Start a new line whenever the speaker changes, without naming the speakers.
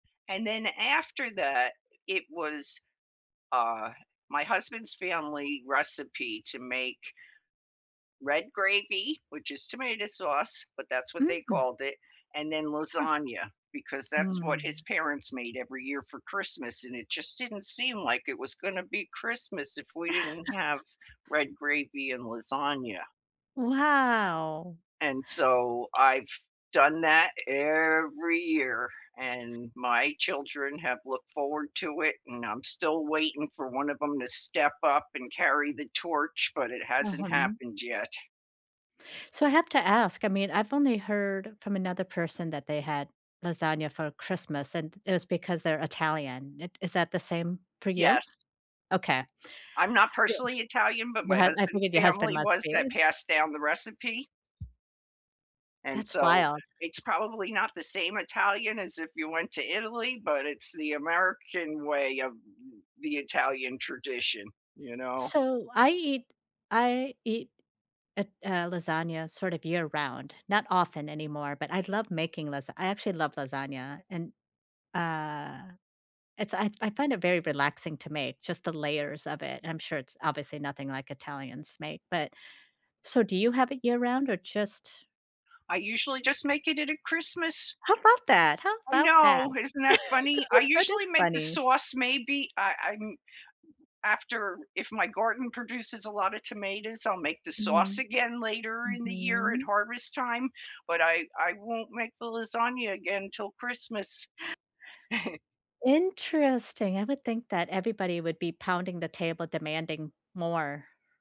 And then after that, it was, uh, my husband's family recipe to make red gravy, which is tomato sauce, but that's what they
Mm.
called it, and then
Huh.
lasagna, because that's what his
Mm.
parents made every year for Christmas, and it just didn't seem like it was gonna be Christmas if we didn't have red gravy and lasagna.
Wow.
And so, I've done that every year, and my children have looked forward to it, and I'm still waiting for one of 'em to step up and carry the torch, but it hasn't
Uh-huh.
happened yet.
So, I have to ask, I mean, I've only heard from another person that they had lasagna for Christmas, and it was because they're Italian, it is that the same for you?
Yes.
Okay.
I'm not personally
[unintelligible]
Italian, but
Your
my
hu I
husband's
figured your husband
family
must
was,
be.
that passed down the recipe. And
That's
so,
wild.
it's probably not the same Italian as if you went to Italy, but it's the American way of th th the Italian tradition, you know?
So, I eat I eat it uh, lasagna, sort of, year round, not often anymore, but I love making lasa I actually love lasagna, and, uh, it's I I find it very relaxing to make, just the layers of it, and I'm sure it's obviously nothing like Italians make, but so do you have it year round, or just
I usually just make it it at Christmas.
How 'bout that? How
I
'bout that?
know, isn't that funny? I
That is
usually make the
funny.
sauce, maybe I I'm after if my garden produces a lotta tomatoes, I'll make the sauce
Mhm.
again later in the year at
Mhm.
harvest time, but I I won't make the lasagna again 'til Christmas.
Interesting. I would think that everybody would be pounding the table demanding more.